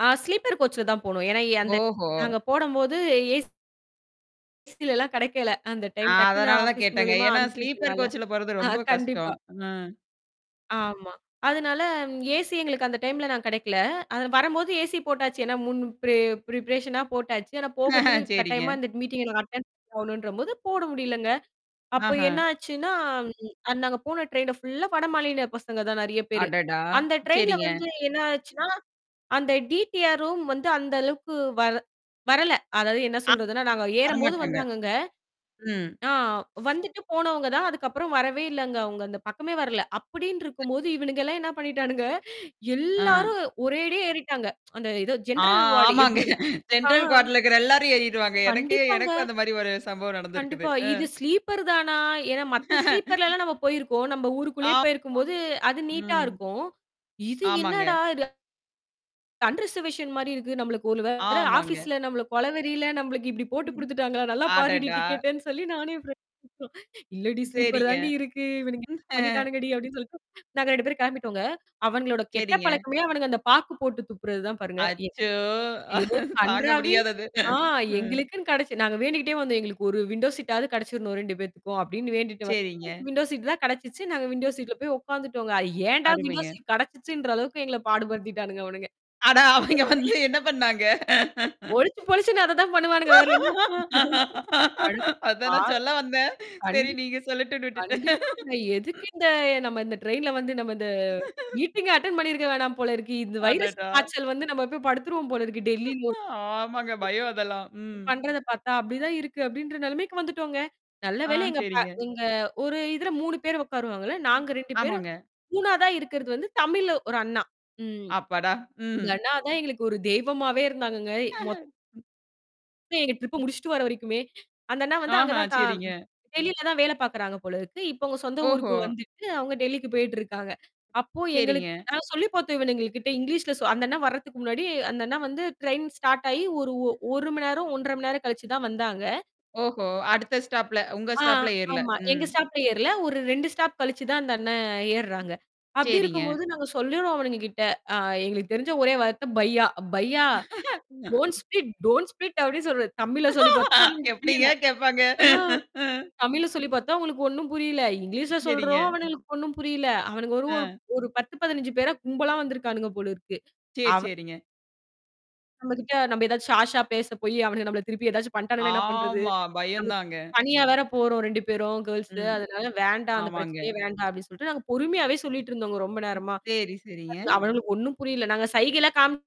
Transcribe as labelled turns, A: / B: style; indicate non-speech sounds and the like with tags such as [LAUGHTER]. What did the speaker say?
A: ஆ sleeper கோச்ல தான் போனோம். ஏன்னா எ அந்த
B: ஓஹோ!
A: நாங்க போடம்போது அ ஏசிலல்லாம் கெடைக்கல. அந்த டைம் டக்குன்னு
B: அதனால தான்
A: ஆஃபீஸ்
B: கேட்டேங்க.
A: மூலியமா
B: ஏன்னா ஸ்லீப்பர்
A: அனுப்பி விட்டனால
B: கோச்ல போறது
A: ஆ
B: ரொம்ப
A: கண்டிப்பா.
B: கஷ்டம். ம்.
A: ஆமா. அதனால, ம் ஏசி எங்களுக்கு அந்த டைம்ல நான் கிடைக்கல. அது நா வரம்போது ஏசி போட்டாச்சு. ஏன்னா முன் பிரே ப்ரிபரேஷனா போட்டாச்சு. ஆனா போகுறதுக்கு
B: [CHUCKLES] சரிங்க.
A: கட்டாயமா அந்த மீட்டிங்ல நாங் அட்டெண்ட் பண்ண போணுன்றபோது, போட முடியலங்க. அப்ப
B: ஆஹா.
A: என்னாச்சுன்னா, [SWALLOWS] ம் நாங்க போன ட்ரெயின் ஃபுல்லா வாடா மாநில பசங்க தான் நெறையா பேரு.
B: அடடா!
A: அந்த ட்ரெயின்ல
B: சரிங்க.
A: வந்து என்னா ஆச்சுன்னா? அந்த டிடிஆர் ரும் வந்து அந்த அளவுக்கு வர வரல. அதாவது என்னா
B: அ.
A: சொல்றதுன்னா! நாங்க ஏறம்போது
B: வரமாட்டாங்க.
A: வந்தாங்கங்க.
B: ம்.
A: ஆ வந்துட்டு போனவங்க தான், அதுக்கப்புறம் வரவே இல்லங்க. அவுங்க அந்த பக்கமே வரல.
B: [UNINTELLIGIBLE]
A: அப்டின்ட்டுருக்கும்போது, இவனுங்கல்லாம் என்னா பண்ணிட்டானுங்க?
B: ஆ.
A: எல்லாரும் ஒரேடியே ஏறிட்டாங்க. அந்த ஏதோ
B: ஆ
A: ஜெனரல் வார்டு
B: ஆமாங்க.
A: எப்படி இருக் ஆ.
B: ஜெனரல் கம்பார்ட்மெண்ட்ல இருக்கிற எல்லாரும் ஏறிருவாங்க. எனக்கே
A: கண்டிப்பாங்க.
B: எனக்கும் அந்த மாரி ஒரு சம்பவம் நடந்திருக்குது.
A: கண்டிப்பா.
B: அ.
A: இது ஸ்லீப்பர் தானா? ஏன்னா மத்த
B: [LAUGHS]
A: ஸ்லீப்பர்லலாம் நம்ம போயிருக்கோம் நம்ப ஊருக்குள்ளேயே
B: ஆமா.
A: போயிருக்கும்போது, அது நீட்டா
B: ம்.
A: இருக்கும். இது
B: ஆமாங்க.
A: என்னடா? இது? அன்ரிசர்வேஷன் மாரி இருக்கு. நம்மளுக்கு ஒரு வேள
B: ஆமாங்க.
A: ஆஃபீஸ்ல நம்மள கொலவெறில, நம்பளுக்கு இப்டி போட்டு
B: ம்,
A: குடுத்துட்டாங்களா? நல்லா பாருடி
B: அடடா!
A: டிக்கெட்டன்னு சொல்லி நானே ஃப்ரெண்ட் "இல்ல டீ! ஸ்லீப்பர்
B: சரிங்க.
A: தாண் டீ இருக்கு. இவனுங்க இப்டி
B: [LAUGHS]
A: பண்ணிட்டானுங்க டி" அப்படின்னு சொல்லிட்டு நாங்க 2 பேரும் கிளம்பிட்டோங்க. அவனுங்களோட கெட்ட
B: சரிங்க.
A: பழக்கமே அவனுங்க அந்த பாக்கு போட்டு துப்புறது தான் பாருங்க. எ
B: அச்சோ!
A: யோ!
B: தாங்க
A: கன்றாாவி
B: முடியாதது.
A: ஆ
B: ம்.
A: எங்களுக்குன்னு கெடைச்சு நாங்க வேண்டிக்கிட்டே வந்தோம். எங்களுக்கு ஒரு விண்டோ சீட்டாவது கெடைச்சிரணும் 2 பேத்துக்கும் அப்டின்னு வேண்டிட்டு வந்தா
B: சரிங்க.
A: விண்டோ சீட் தான் கெடைச்சிச்சு. நாங்க விண்டோ
B: ம்,
A: சீட்ல போய் உக்காந்துட்டோங்க. அது ஏன்டா விண்டோ
B: அருமைங்க.
A: சீட் கிடைச்சிச்சுன்ற அளவுக்கு எங்கள
B: ம்,
A: பாடுபடுத்திட்டானுங்க அவனுங்க.
B: அட! அவிங்க வந்து
A: [UNINTELLIGIBLE]
B: என்னா பண்ணாங்க?
A: பொழிச்சு பொழிச்சுன்னு அத தான் பண்ணுவானுங்க. வேற என்னா [CHUCKLES] அது
B: அதான்
A: ஆ.
B: நான் சொல்ல வந்தேன். சரி
A: கண்டிப்ப.
B: நீங்க சொல்லட்டும்ன்னு விட்டுட்டேன்.
A: கண்டிப்பாங்க. எதுக்கு இந்த நம்ம இந்த ட்ரெயின்ல வந்து நம்ம இந்த
B: [LAUGHS]
A: மீட்டிங்கே அட்டெண்ட் பண்ணியிருக்க வேணாம் போல இருக்கு. இந்த வைரஸ்
B: அடடா!
A: காய்ச்சல் வந்து நம்மப்பய் படுத்துருவோம் போல இருக்கு டெல்லி லோ
B: ஆமாங்க. பயம் அதெல்லாம்.
A: [UNINTELLIGIBLE]
B: ம்.
A: பண்றத பாத்தா, அப்டிதான் இருக்கு அப்டின்ற நெலமைக்கு வந்துட்டோங்க. நல்ல
B: ஆ
A: வேலை எங்க ப
B: சரிங்க.
A: எங்க ஒரு இதுல 3 பேரு உக்காருவாங்கல்ல! நாங்க 2 பேரு,
B: ஆமாங்க.
A: 3 இருக்கிறது வந்து தமிழு ஒரு அண்ணா. ம்.
B: அப்படா! ம்.
A: இந்த அண்ணா தான் எங்களுக்கு ஒரு தெய்வமாவே இருந்தாங்கங்க மொத்த
B: [CHUCKLES]
A: எங்க ட்ரிப்ப முடிச்சுட்டு வர வரைக்குமே. அந்த அண்ணா வந்து அங்க
B: ஆஹா
A: தா
B: சரிங்க.
A: டெல்லில தான் வேலை பாக்குறாங்க போல இருக்கு. இப்ப அவுங்க சொந்த
B: ஓஹோ!
A: ஊருக்கு வந்துட்டு, அவுங்க டெல்லிக்கு போயிட்டு இருக்காங்க. அப்போ எங்களுக்கு
B: சரிங்க.
A: நாங்க சொல்லி பாத்தோம், இவனுங்க கிட்ட இங்கிலீஷ்ல சொ அந்த அண்ணா வர்றதுக்கு முன்னாடி அந்த அண்ணா வந்து ட்ரெயின் ஸ்டார்ட் ஆயி ஒரு 1 மணி நேரம், 1-1/2 மணி நேரம் கழிச்சு தான் வந்தாங்க.
B: ஓஹோ! அடுத்த ஸ்டாப்ல! உங்க
A: [UNINTELLIGIBLE] ஆ
B: ஸ்டாப்ல ஏறல?
A: ஆமா.
B: ம்.
A: எங்க ஸ்டாப்ல ஏறல. ஒரு 2 ஸ்டாப் கழிச்சு தான் அந்த அண்ணன் ஏர்றாங்க. அப்டி
B: சரிங்க.
A: இருக்கும்போது, நாங்க சொல்லுறோம் அவனுங்க கிட்ட அ எங்களுக்கு தெரிஞ்ச ஒரே வார்த்த பையா. பையா, டோன்
B: [LAUGHS]
A: ஸ்பிட் டோன் ஸ்பிட் அப்டி சொல்றது. தமிழ்ல சொல்லி பாத்தோம் அவுனுங்களுக்கு
B: எப்டீங்க
A: புரியல.
B: கேப்பாங்க?
A: ஆ.
B: ம்.
A: தமிழ்ல சொல்லி பாத்தோம் அவுங்களுக்கு ஒண்ணும் புரியல! இங்கிலீஷ்ல சொல்றோம்
B: சரிங்க.
A: அவனுங்களுக்கு ஒண்ணும் புரியல. அவனுங்க ஒரு ஒரு
B: அ.
A: ஒரு 1௦, 15 பேரா கும்பலா வந்திருக்கானுங்க போல இருக்கு.
B: சரி
A: அவ
B: சரிங்க.
A: நம்மகிட்ட நம்ப ஏதாச்சும் ஹார்ஷா பேச போயி அவனுங்க நம்மள திருப்பி ஏதாச்சும் பண்ட்டானுங்கன்னா என்னா பண்றது?
B: ஆமா.
A: நம்ம
B: பயம் தாங்க.
A: தனியா வேற போறோம் 2 பேரும் கேர்ள்ஸு
B: ம்.
A: அதனால வேண்டாம் அந்த
B: ஆமாங்க.
A: பிரச்சனையே வேண்டாம் அப்டின்னு சொல்லிட்டு, நாங்க பொறுமையாவே சொல்லிட்டு இருந்தோங்க ரொம்ப நேரமா.
B: சரி சரிங்க.
A: அதுல அவனுங்களுக்கு ஒண்ணும் புரியல. நாங்க சைகைளாம் காமி